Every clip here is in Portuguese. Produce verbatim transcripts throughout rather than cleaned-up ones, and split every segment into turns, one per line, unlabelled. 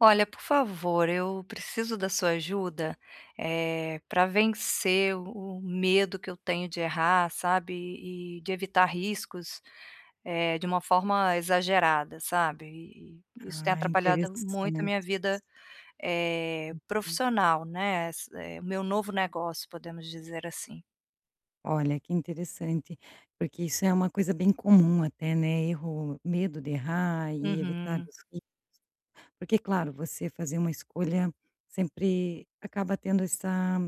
Olha, por favor, eu preciso da sua ajuda, eh, pra vencer o medo que eu tenho de errar, sabe, e de evitar riscos, eh, de uma forma exagerada, sabe. E e isso tem
Ah,
atrapalhado muito a
interessante
minha
isso.
vida, eh,
Uhum.
profissional, né, é s meu novo negócio, podemos dizer assim.
Olha, que interessante. Porque isso é uma coisa bem comum até, né, erro, medo de errar e evitar
Uhum.
[unintelligible] Porque, claro, você fazer uma escolha sempre acaba tendo essa,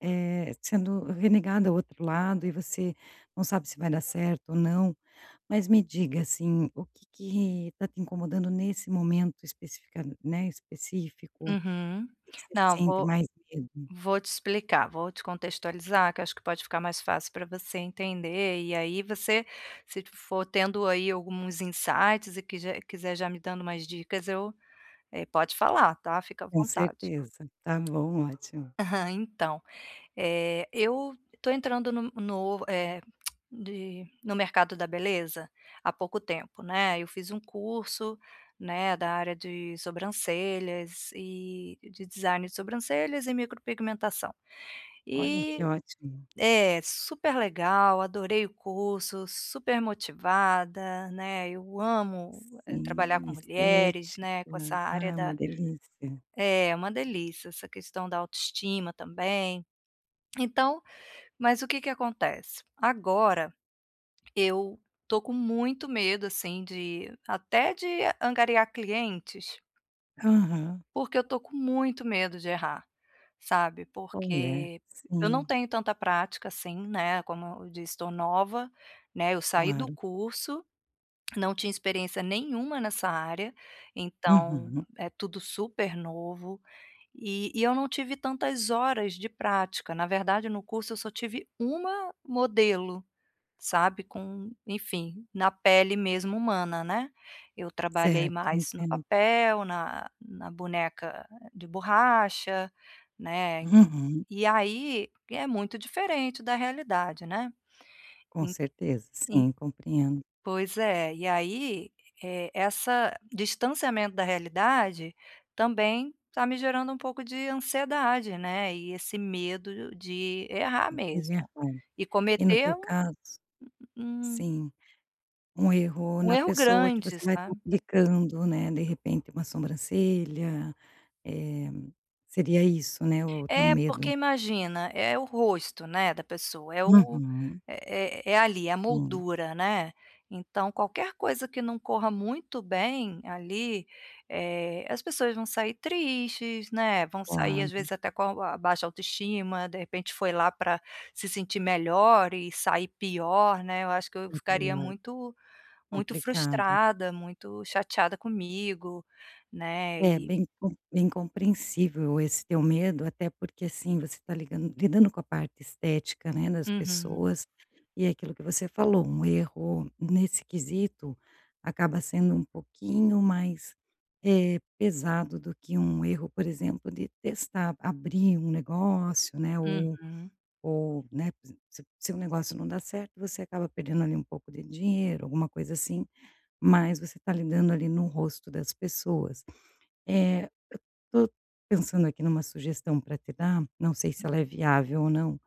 eh, sendo renegada ao outro lado e você não sabe se vai dar certo ou não, mas me diga, assim, o que que tá te incomodando nesse momento especif né, específico?
Uhum.
Que que você
Não,
sente
vou
mais medo?
vou te explicar, vou te contextualizar que eu acho que pode ficar mais fácil pra você entender, e aí você se for tendo aí alguns insights e quiser e quiser já me dando umas dicas eu eh, pode falar, tá, fica à
Com
vontade.
certeza. Tá bom, ótimo.
Aham. Então, eh, eu estou entrando no no eh, de no mercado da beleza há pouco tempo, né. Eu fiz um curso, né, da área de sobrancelhas e de design de sobrancelhas e micropigmentação,
Olha, que
e
ótimo.
É, super legal, adorei o curso, super motivada, né, eu amo trabalhar
Hum,
com mulheres, né, com essa
estética. Ah,
área
é uma
da
delícia.
É, é uma delícia. Essa questão da autoestima também, então mas o que que acontece? Agora eu estou com muito medo, assim, de até de angariar clientes
Aham.
porque eu estou com muito medo de errar, sabe.
Olha,
Porque eu não
sim.
tenho tanta prática assim, né, como eu disse, estou nova, né, eu saí do
Claro.
curso, não tinha experiência nenhuma nessa área, então
Uhum.
é tudo super novo, e e eu não tive tantas horas de prática. Na verdade, no curso eu só tive uma modelo, sabe, com enfim, na pele mesmo humana, né. Eu trabalhei
Certo,
mais no
entendo.
papel, na na boneca de borracha, né,
Uhum.
e aí, é muito diferente da realidade, né.
Com
En
certeza.
en
Sim, compreendo.
Pois é. E aí, eh, essa distanciamento da realidade, também tá me gerando um pouco de ansiedade, né, e esse medo de errar mesmo
[unintelligible]
e
e no
cometer
teu
um
caso
um um
Sim, um erro
um
na
erro
pessoa que você
grande,
vai
sabe.
complicando, né, de repente uma sobrancelha, eh, seria isso, né, o teu
É, porque
medo?
imagina, é o rosto, né, da pessoa. É o
Uhum.
é é ali é a
Hum.
moldura, né, então qualquer coisa que não corra muito bem ali, eh, as pessoas vão sair tristes, né, vão sair às
Claro.
vezes até com a baixa autoestima, de repente, foi lá pra se sentir melhor e sair pior, né. Eu acho que eu ficaria
Uhum, é.
muito muito
Complicado.
frustrada, muito chateada comigo, né,
É,
e
bem com bem compreensível esse teu medo. Até porque, assim, você está ligan lidando com a parte estética, né, das
Uhum.
pessoas e é aquilo que você falou, um erro nesse quesito, acaba sendo um pouquinho mais, eh, pesado do que um erro, por exemplo, de testar, abrir um negócio, né, ou
Uhum.
ou, né, se se o seu negócio não dá certo, você acaba perdendo ali um pouco de dinheiro, alguma coisa, assim, mas você tá lidando ali no rosto das pessoas. Eh, tô pensando aqui numa sugestão pra te dar, não sei se ela é viável ou não,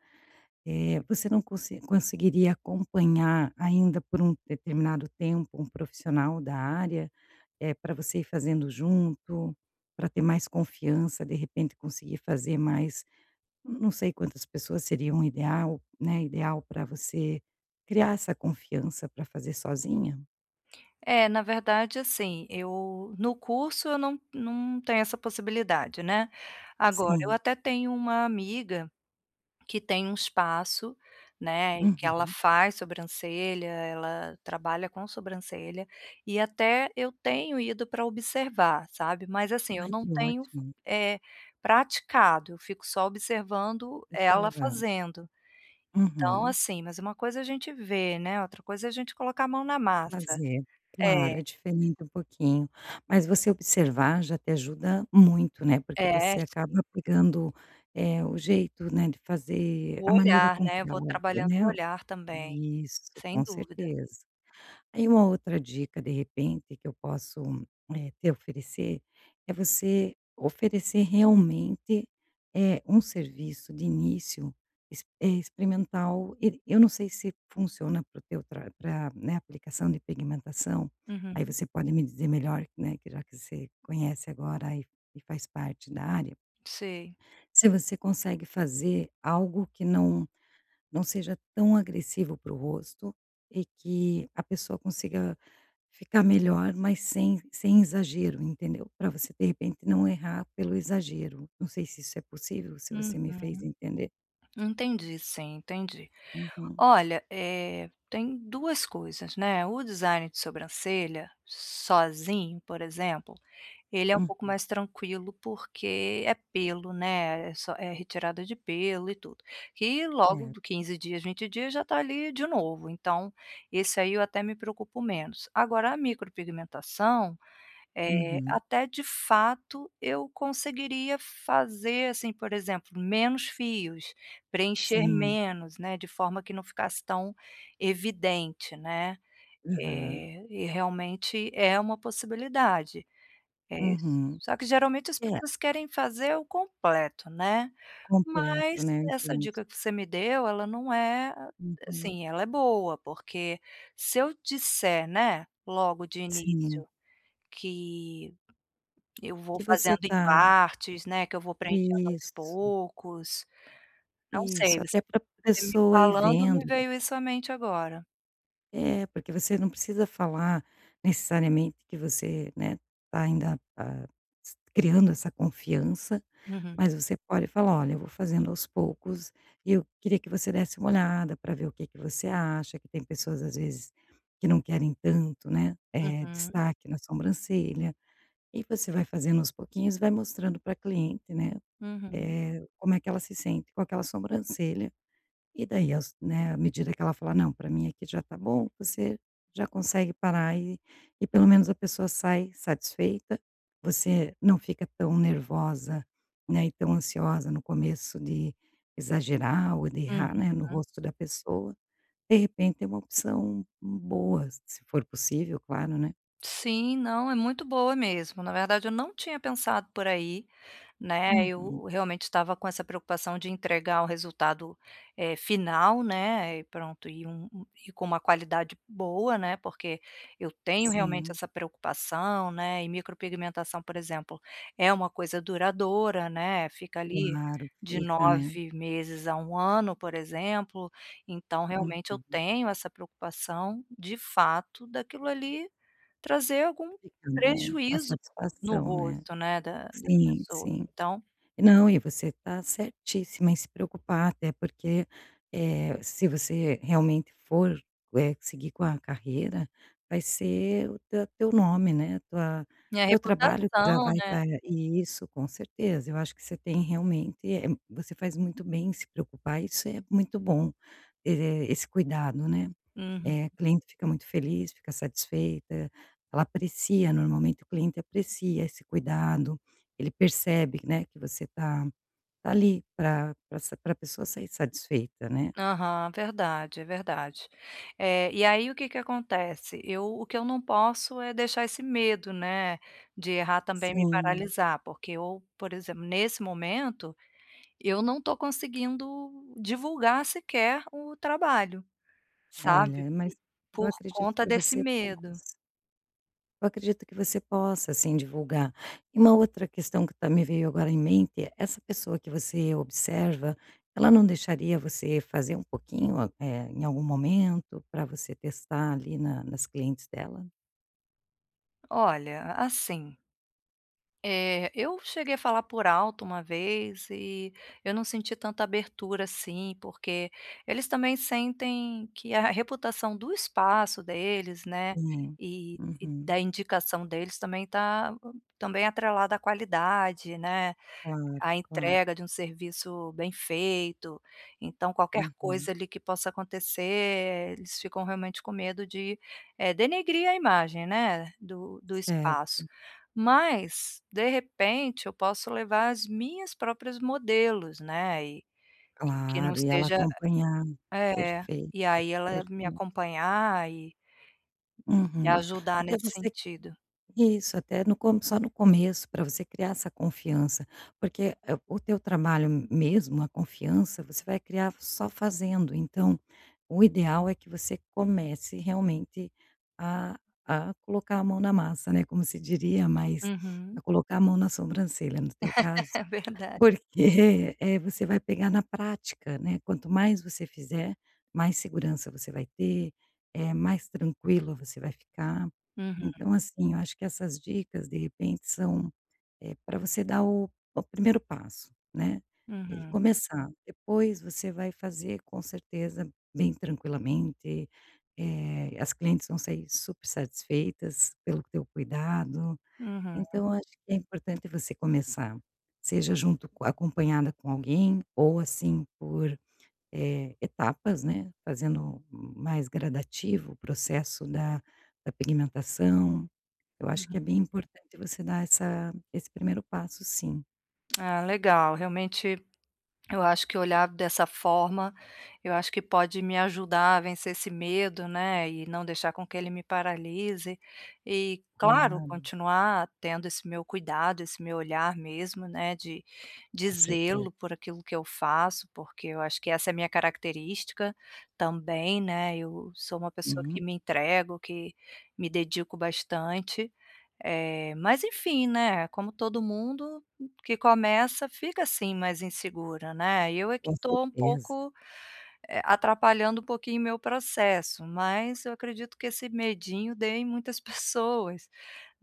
eh, você não conse conseguiria acompanhar ainda por um determinado tempo um profissional da área, eh, pra você ir fazendo junto, pra ter mais confiança, de repente conseguir fazer mais não sei quantas pessoas seriam ideal, né, ideal pra você criar essa confiança pra fazer sozinha?
É, na verdade assim eu no curso eu não não tenho essa possibilidade, né. Agora eu
Sim.
até tenho uma amiga, que tem um espaço, né, e que ela
Uhum.
faz sobrancelha, ela trabalha com sobrancelha, e até eu tenho ido pra observar, sabe. Mas assim eu
Ai
não
que
tenho f
ótimo.
eh, praticado, eu fico só observando ela
Observando.
fazendo. Então
Uhum.
assim, mas uma coisa é a gente ver, né, outra coisa é a gente colocar a mão na massa.
Fazer,
É.
claro, é diferente um pouquinho. Mas você observar já te ajuda muito, né, porque
É.
você
Sim.
acaba pegando, eh, o jeito, né, de fazer a
O
maneira
olhar,
com
né?
que
Vou
ela,
trabalhando o
né.
olhar também.
Isso,
Sem
com
dúvida.
certeza. Aí uma outra dica de repente que eu posso, eh, te oferecer, é você oferecer realmente, eh, um serviço de início ex eh, experimental. E, eu não sei se funciona para o teu tra pra, né, aplicação de pigmentação, aí
Uhum.
você pode me dizer melhor, né, que já que você conhece agora e e faz parte da área.
Sei.
se você consegue fazer algo que não não seja tão agressivo para o rosto, e que a pessoa consiga ficar melhor, mas sem sem exagero, entendeu? Pra você de repente não errar pelo exagero. Não sei se isso é possível, se
Uhum.
você me fez entender.
Entendi sim, entendi.
Uhum.
Olha, eh tem duas coisas, né, o design de sobrancelha, sozinho, por exemplo, ele é um pouco
Uhum.
mais tranquilo porque é pelo, né, é s é retirada de pelo e tudo. E logo
Certo.
de quinze dias, vinte dias já tá ali de novo, então, esse aí eu até me preocupo menos. Agora a micropigmentação, eh,
Uhum.
até de fato eu conseguiria, fazer assim, por exemplo menos fios, preencher
Sim.
menos, né, de forma que não ficasse tão evidente, né.
Aham.
Eh, e realmente é uma possibilidade. É, s
Uhum.
só que geralmente as
É
pessoas querem fazer o completo, né.
Completo,
Mas
né.
essa
Entendo.
dica que você me deu ela, não é
Uhum.
assim, ela é boa porque, se eu disser, né, logo de
Sim.
início, que, eu vou
Que você
fazendo em
tá
partes, né, que eu vou preenchendo aos
Isso.
poucos, não sei,
Isso, até
você
para a
me
pessoa ir
falando, me
vendo.
veio isso à mente agora.
É, porque você não precisa falar necessariamente que você, né, tá ainda, tá s criando essa confiança,
Uhum.
mas você pode falar: "Olha, eu vou fazendo aos poucos e eu queria que você desse uma olhada para ver o que que você acha, que tem pessoas às vezes que não querem tanto, né, eh,
Uhum.
destaque na sobrancelha". E você vai fazendo aos pouquinhos e vai mostrando para a cliente, né,
Uhum.
eh, como é que ela se sente com aquela sobrancelha. E daí aos, né, à medida que ela fala: "Não, pra mim aqui já tá bom.", você já consegue parar e e pelo menos a pessoa sai satisfeita, você não fica tão nervosa, né, e tão ansiosa no começo de exagerar ou de
Uhum.
errar, né, no rosto da pessoa. De repente é uma opção m boa se for possível, claro, né?
Sim. Não, é muito boa mesmo, na verdade eu não tinha pensado por aí, né,
Uhum.
eu realmente estava com essa preocupação de entregar o resultado, eh, final, né, e pronto e um e com uma qualidade boa, né. Porque, eu tenho realmente
Sim.
essa preocupação, né, e micropigmentação por exemplo, é uma coisa duradoura, né, fica ali,
Claro.
de
Fica, né?
nove meses a um ano por exemplo. Então realmente eu
Uhum.
tenho essa preocupação de fato daquilo ali trazer algum
Fica bom. Uma
prejuízo no
satisfação, né.
rosto, né, da das
Sim,
pessoas.
sim.
Então
Não, e você tá certíssima em se preocupar até porque, eh, se você realmente for, eh, seguir com a carreira, vai ser o te teu nome, né, tua,
Minha
teu trabalho que já
reputação,
vai
né.
estar isso com certeza, eu acho que você tem realmente, eh, você faz muito bem em se preocupar, isso é muito bom. E, esse cuidado né.
Uhum.
Eh, cliente fica muito feliz, fica satisfeita, ela aprecia normalmente, o cliente aprecia esse cuidado. Ele percebe, né, que você tá tá ali pra pra s para a pessoa sair satisfeita, né?
Aham, verdade, é verdade. Eh, e aí o que que acontece? Eu o que eu não posso é deixar esse medo, né, de errar também me
Sim.
paralisar, porque eu, por exemplo nesse momento, eu não tô conseguindo divulgar sequer o trabalho,
É,
sabe,
olha, mas eu
por
acredito
conta
que
desse
você
medo.
possa Eu acredito que você possa sim divulgar. E uma outra questão que também me veio agora em mente, essa pessoa que você observa, ela não deixaria você fazer um pouquinho, eh, em algum momento pra você testar ali na nas clientes dela?
olha, assim eh, eu cheguei a falar por alto uma vez e, eu não senti tanta abertura assim porque, eles também sentem que a a reputação do espaço deles, né,
É,
e e
uhum.
da indicação deles também tá, também atrelada à qualidade, né,
Claro,
à
claro.
entrega de um serviço bem feito, então qualquer
Uhum.
coisa ali que possa acontecer eles ficam realmente com medo de, eh, denegrir a imagem, né, do do espaço.
Certo.
Mas, de repente, eu posso levar as minhas próprias modelos, né, e que que não
Claro, e ela
esteja
acompanhar,
é,
perfeito,
e aí ela me
perfei
acompanhar e e
Uhum.
ajudar
Até
nesse
você
sentido.
Isso, até no co só no começo pra você criar essa confiança, porque, eh, o teu trabalho mesmo, a confiança, você vai criar só fazendo. Então, o ideal é que você comece realmente a a colocar a mão na massa, né, como você diria, mas a
Uhum.
colocar a mão na sobrancelha no teu caso,
É verda
porque, eh, você vai pegar na prática, né. Quanto mais você fizer, mais segurança você vai ter, eh, mais tranquilo você vai ficar.
Uhum.
Então, assim, acho que essas dicas de repente são, eh, pra você dar o o primeiro passo, né, e
Uhum.
começar. Depois você vai fazer, com certeza, bem tranquilamente, eh, as clientes vão sair super satisfeitas pelo teu cuidado.
Uhum.
Então, acho que é importante você começar, seja junto co acompanhada com alguém, ou assim por, eh, etapas, né, fazendo mais gradativo o processo da da pigmentação. Eu acho que
Uhum.
é bem importante você dar essa esse primeiro passo sim.
Ah, legal. Realmente, eu acho que olhar dessa forma, eu acho que pode me ajudar a vencer esse medo, né, e não deixar com que ele me paralise e, claro,
Claro.
continuar tendo esse meu cuidado, esse meu olhar mesmo, né, de de
Com certeza.
zelo por aquilo que eu faço, porque eu acho que essa é a minha característica, também, né. Eu sou uma pessoa que
Uhum.
me entrego, que me dedico bastante, eh, mas, enfim, né, é como todo mundo que começa, fica assim mais insegura, né. Eu é que
Com
tô um
certeza.
pouco, eh, atrapalhando um pouquinho meu processo, mas eu acredito que esse medinho dê em muitas pessoas,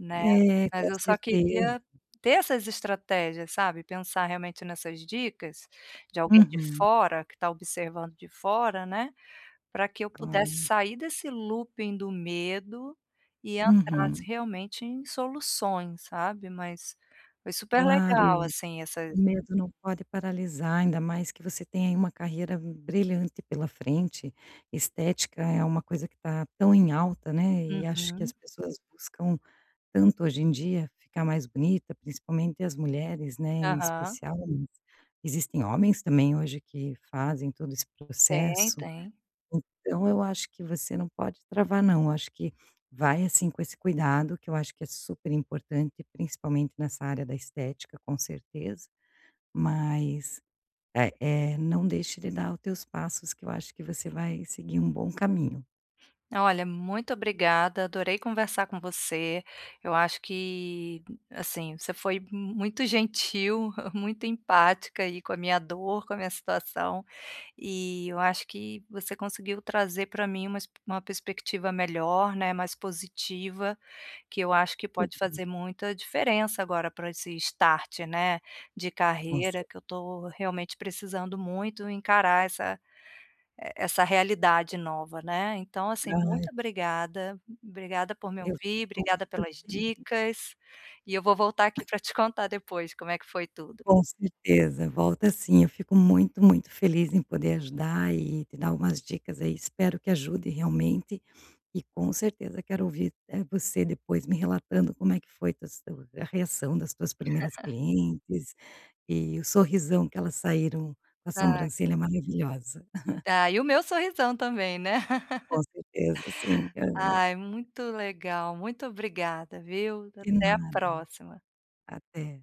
né.
É,
Mas
com
eu só
certeza.
queria ter essas estratégias, sabe, pensar realmente nessas dicas de alguém de
Uhum.
fora que tá observando de fora, né, pra que eu pudesse
Claro.
sair desse looping do medo e entrasse
Uhum.
realmente em soluções, sabe. Mas foi super
Claro,
legal,
e
assim,
o
essas
medo não pode paralisar, ainda mais que você tem aí uma carreira brilhante pela frente. Estética é uma coisa que tá tão em alta, né, e acho que as
Uhum.
pessoas buscam tanto hoje em dia ficar mais bonita, principalmente as mulheres, né, em
Aham.
especial. Existem homens também hoje que fazem todo esse
Tem,
processo.
tem.
Então, eu acho que você não pode travar não. Eu acho que vai assim com esse cuidado que eu acho que é super importante, principalmente nessa área da estética, com certeza, mas, eh eh, não deixe de dar o teus passos que eu acho que você vai seguir um bom caminho.
Olha, muito obrigada, adorei conversar com você. Eu acho que, assim, você foi mu muito gentil, muito empática aí com a minha dor, com a minha situação, e eu acho que você conseguiu trazer pra mim umas uma perspectiva melhor, né, mais positiva, que eu acho que pode
[unintelligible]
fazer muita diferença agora pra esse start, né, de
Com
carreira
cer
que eu tô realmente precisando muito encarar essa e essa realidade nova, né. Então, assim,
Ai.
muito obrigada, obrigada por me
Eu
ouvir,
tô
obrigada
muito
pelas
feliz.
dicas, e eu vou voltar aqui pra te contar depois como é que foi tudo.
Com certeza, volta sim. Eu fico muito, muito feliz em poder ajudar e e te dar umas dicas aí. Espero que ajude realmente e com certeza quero ouvir, eh, você depois me relatando como é que foi tus te a reação das tuas primeiras clientes e o sorrisão que elas saíram, com a
Ah.
sobrancelha maravilhosa.
Tá, e o meu sorrisão também, né.
Com certeza, sim, aham.
Ai, muito legal, muito obrigada, viu.
De
Até a
nada.
próxima.
Até.